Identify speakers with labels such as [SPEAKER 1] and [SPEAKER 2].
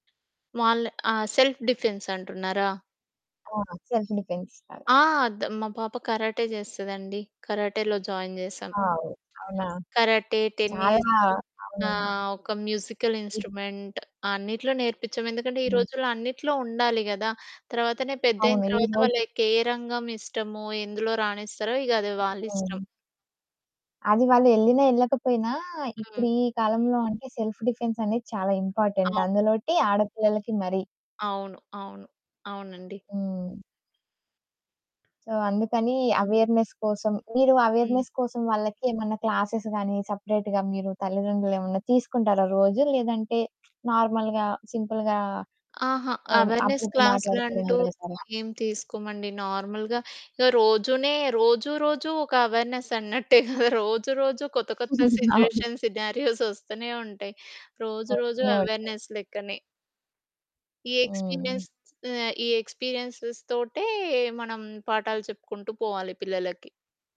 [SPEAKER 1] వాళ్ళ ఆహ్, self defence అంటున్నారా?
[SPEAKER 2] ఆ! సెల్ఫ్ డిఫెన్స్ లాగా.
[SPEAKER 1] ఆ! ద మా పాప కరాటే చేస్తదండి. కరాటేలో జాయిన్ చేశాం.
[SPEAKER 2] వావ్! అవునా?
[SPEAKER 1] కరాటే,
[SPEAKER 2] చాలా
[SPEAKER 1] టెన్నిస్
[SPEAKER 2] అవునండి.
[SPEAKER 1] ఆహ్, ఒక మ్యూజికల్ ఇన్స్ట్రుమెంట్. అన్నిట్లో నేర్పించం. ఎందుకంటే ఈ
[SPEAKER 2] హ్మ్.
[SPEAKER 1] రోజుల్లో అన్నిట్లో ఉండాలి కదా! తర్వాతనే పెద్దయిన
[SPEAKER 2] అవును. ఈ
[SPEAKER 1] తర్వాత,
[SPEAKER 2] రోజు
[SPEAKER 1] వాళ్ళ‌‌కే రంగం ఇష్టమో, ఎందులో రాణిస్తారో ఇక అది వాళ్ళిష్టం.
[SPEAKER 2] హ్మ్. అది వాళ్ళు యెళ్ళినా, యెళ్ళకపోయినా, ఇప్పుడు
[SPEAKER 1] హ్మ్.
[SPEAKER 2] ఈ కాలంలో అంటే, సెల్ఫ్ డిఫెన్స్ అనేది చాలా ఇంపార్టెంట్.
[SPEAKER 1] అవును.
[SPEAKER 2] అందులోటి ఆడపిల్లలకి మరీ.
[SPEAKER 1] అవును. అవును. అవునండి.
[SPEAKER 2] హ్మ్. సో అందుకని
[SPEAKER 1] హ్మ్.
[SPEAKER 2] అవేర్నెస్ కోసం, మీరు
[SPEAKER 1] హ్మ్.
[SPEAKER 2] అవేర్నెస్ కోసం వాళ్ళకి ఏమన్న క్లాసెస్ గాని, సెపరేట్‌గా మీరు తల్లిదండ్రులు ఏమన్నా తీసుకుంటారా రోజు? లేదంటే నార్మల్‌గా, సింపుల్‌గా
[SPEAKER 1] ఆహా!
[SPEAKER 2] ఆహ్,
[SPEAKER 1] అవేర్నెస్
[SPEAKER 2] అప్పుడప్పుడు మాట్లాడుకోవడం
[SPEAKER 1] క్లాస్‌‌లంటూ
[SPEAKER 2] జరుగుతాదా?
[SPEAKER 1] ఏం తీసుకోమండి. నార్మల్‌గా రోజునే రోజూ రోజూ, ఒక అవేర్నెస్ అన్నట్టే కదా! రోజు, రోజు కొత్త కొత్త
[SPEAKER 2] అవును.
[SPEAKER 1] సిట్యుయేషన్స్, సినారియోస్ వస్తూనే ఉంటాయి. రోజు
[SPEAKER 2] ఓకే,
[SPEAKER 1] రోజు
[SPEAKER 2] అయితే.
[SPEAKER 1] అవేర్నెస్ లెక్కనే. ఈ
[SPEAKER 2] హ్మ్.
[SPEAKER 1] ఎక్స్పీరియన్స్ ఆహ్, ఈ ఎక్స్పీరియన్స్‌స్ తోటే, మనం పాఠాలు చెప్పుకుంటూ పోవాలి పిల్లలకి.